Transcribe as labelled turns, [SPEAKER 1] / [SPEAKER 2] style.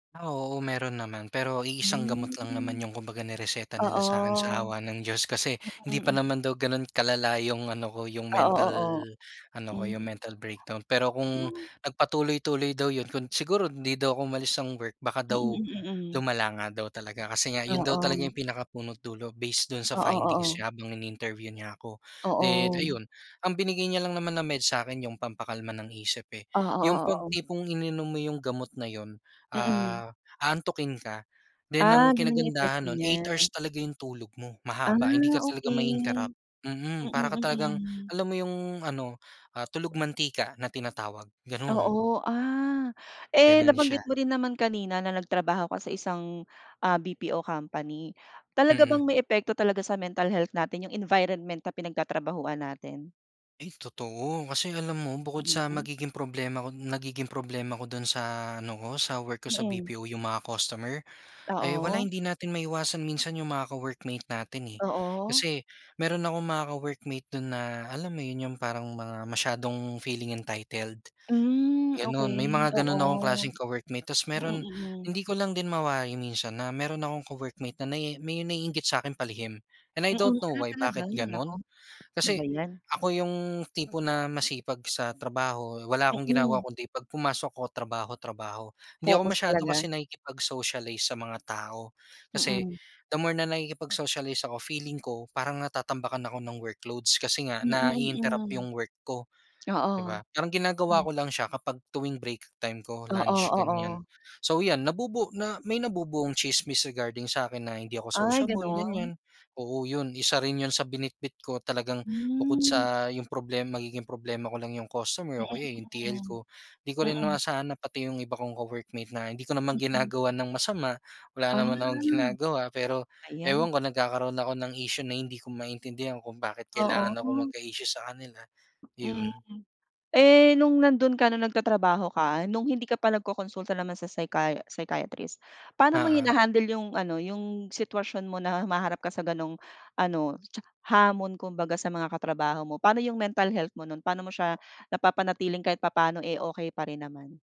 [SPEAKER 1] Ah, oo. Meron naman, pero iisang gamot lang naman
[SPEAKER 2] Hmm.
[SPEAKER 1] 'yong kumbaga nireseta nila sa'kin, sa
[SPEAKER 2] Oo.
[SPEAKER 1] awa ng Diyos. Kasi, hindi pa
[SPEAKER 2] Mm.
[SPEAKER 1] naman daw gano'n kalala 'yong ano ko, 'yong
[SPEAKER 2] Oo,
[SPEAKER 1] mental,
[SPEAKER 2] oo.
[SPEAKER 1] ano ko, 'yong
[SPEAKER 2] Hmm.
[SPEAKER 1] mental breakdown. Pero kung,
[SPEAKER 2] Kailanga.
[SPEAKER 1] nagpatuloy-tuloy daw 'yon kung siguro, hindi daw ako umalis ng work baka
[SPEAKER 2] Mm,
[SPEAKER 1] daw
[SPEAKER 2] mm, hmm.
[SPEAKER 1] lumala nga daw talaga, kasi nga 'yon daw talaga
[SPEAKER 2] Oo.
[SPEAKER 1] 'yong pinakapuno't dulo, based do'n sa
[SPEAKER 2] Oo,
[SPEAKER 1] findings
[SPEAKER 2] oo.
[SPEAKER 1] niya habang ini-interview niya ako. Then,
[SPEAKER 2] Oo.
[SPEAKER 1] ayun, ang binigay niya lang naman na med sa'kin 'yong pampakalma ng isip, eh,
[SPEAKER 2] Oo,
[SPEAKER 1] 'yong
[SPEAKER 2] oo.
[SPEAKER 1] pag
[SPEAKER 2] Oo.
[SPEAKER 1] tipong ininom mo 'yong gamot na 'yon,
[SPEAKER 2] Mm.
[SPEAKER 1] ah, aantukin ka. Then,
[SPEAKER 2] Ah,
[SPEAKER 1] ang
[SPEAKER 2] gano'n 'yong epekto
[SPEAKER 1] kinagandahan no'n 8
[SPEAKER 2] niya.
[SPEAKER 1] hours talaga 'yong tulog mo,
[SPEAKER 2] Ah,
[SPEAKER 1] mahaba, hindi ka talaga
[SPEAKER 2] okey.
[SPEAKER 1] mai-interrupt, mm.
[SPEAKER 2] Mm,
[SPEAKER 1] Para ka talagang,
[SPEAKER 2] mm.
[SPEAKER 1] alam mo 'yong ano, ah, tulog-mantika na tinatawag, gano'n.
[SPEAKER 2] Oo. Ah, eh,
[SPEAKER 1] Gano'n siya.
[SPEAKER 2] nabanggit mo din naman kanina na nagtrabaho ka sa isang, ah, BPO company. Talaga
[SPEAKER 1] Mm.
[SPEAKER 2] bang may epekto talaga sa mental health natin 'yong environment na pinagtatrabahuhan natin?
[SPEAKER 1] Ay totoo. Kasi alam mo, bukod sa
[SPEAKER 2] Mm.
[SPEAKER 1] magiging problema ko nagiging problema ko do'n sa ano ko, sa work ko sa
[SPEAKER 2] Mm.
[SPEAKER 1] BPO 'yong mga customer. Ay wala,
[SPEAKER 2] Oo.
[SPEAKER 1] hindi natin maiwasan minsan 'yong mga ka-workmate natin, eh,
[SPEAKER 2] Oo.
[SPEAKER 1] kasi meron akong mga ka-workmate do'n na, alam mo 'yon, 'yong parang mga masyadong feeling entitled.
[SPEAKER 2] Hmm,
[SPEAKER 1] Gano'n, may
[SPEAKER 2] okey,
[SPEAKER 1] mga gano'n akong
[SPEAKER 2] oo.
[SPEAKER 1] klaseng ka-workmate tapos
[SPEAKER 2] Mm,
[SPEAKER 1] meron
[SPEAKER 2] mm.
[SPEAKER 1] hindi ko lang din mawari minsan na, meron akong ka-workmate na naii may naiinggit sa'kin palihim. And I
[SPEAKER 2] Mm.
[SPEAKER 1] don't know
[SPEAKER 2] Ah,
[SPEAKER 1] why,
[SPEAKER 2] talaga?
[SPEAKER 1] bakit
[SPEAKER 2] Naku,
[SPEAKER 1] gano'n,
[SPEAKER 2] ano ba
[SPEAKER 1] kasi
[SPEAKER 2] 'yan.
[SPEAKER 1] ako 'yong tipo na masipag sa trabaho, wala akong ginagawa
[SPEAKER 2] Mm.
[SPEAKER 1] kundi pag pumasok ako trabaho-trabaho, hindi ako
[SPEAKER 2] Focus
[SPEAKER 1] masyado
[SPEAKER 2] talaga.
[SPEAKER 1] kasi nakikipag-socialize sa mga tao. Kasi,
[SPEAKER 2] Mm.
[SPEAKER 1] the more na nakikipag-socialize ako, feeling ko parang natatambakan ako ng workloads kasi nga nai-interrupt
[SPEAKER 2] [unintelligible]
[SPEAKER 1] 'yong work ko, di
[SPEAKER 2] Oo,
[SPEAKER 1] ba? Parang ginagawa
[SPEAKER 2] hmm.
[SPEAKER 1] ko lang siya kapag tuwing break time ko,
[SPEAKER 2] Oo,
[SPEAKER 1] lunch, ganiyan.
[SPEAKER 2] oo.
[SPEAKER 1] So, 'yan nabubuo na may nabubuong chismis regarding sa akin na hindi ako
[SPEAKER 2] Ay
[SPEAKER 1] sociable,
[SPEAKER 2] gano'n.
[SPEAKER 1] ganiyan. Oo 'yon, isa rin 'yon sa binitbit ko talagang bukod
[SPEAKER 2] Hmm.
[SPEAKER 1] sa 'yong problem magiging problema ko lang 'yong customer
[SPEAKER 2] Mm,
[SPEAKER 1] o kaya, eh, 'yong TL
[SPEAKER 2] mm,
[SPEAKER 1] ko, 'di ko rin
[SPEAKER 2] mm.
[SPEAKER 1] inasahan na pati 'yong iba kong ka-workmate na hindi ko naman
[SPEAKER 2] Mm.
[SPEAKER 1] ginagawan ng masama, wala
[SPEAKER 2] Ah,
[SPEAKER 1] naman akong ginagawa. Pero,
[SPEAKER 2] ba 'yan.
[SPEAKER 1] ewan ko, nagkakaroon ako ng issue na hindi ko maintindihan kung bakit kailangan akong
[SPEAKER 2] Oo.
[SPEAKER 1] magka-issue sa kanila, 'yon.
[SPEAKER 2] Mhm. Eh, no'ng nando'n ka no'ng nagtatrabaho ka, no'ng hindi ka pa nagkokonsulta naman sa psychia psychiatrist. Paano mo
[SPEAKER 1] Oo.
[SPEAKER 2] hinahandle 'yong ano, 'yong sitwasyon mo na humaharap ka sa gano'ng ano cha hamon kumbaga sa mga katrabaho mo? Paano 'yong mental health mo no'n, paano mo siya napapanatiling kahit papaano, eh, okay pa rin naman?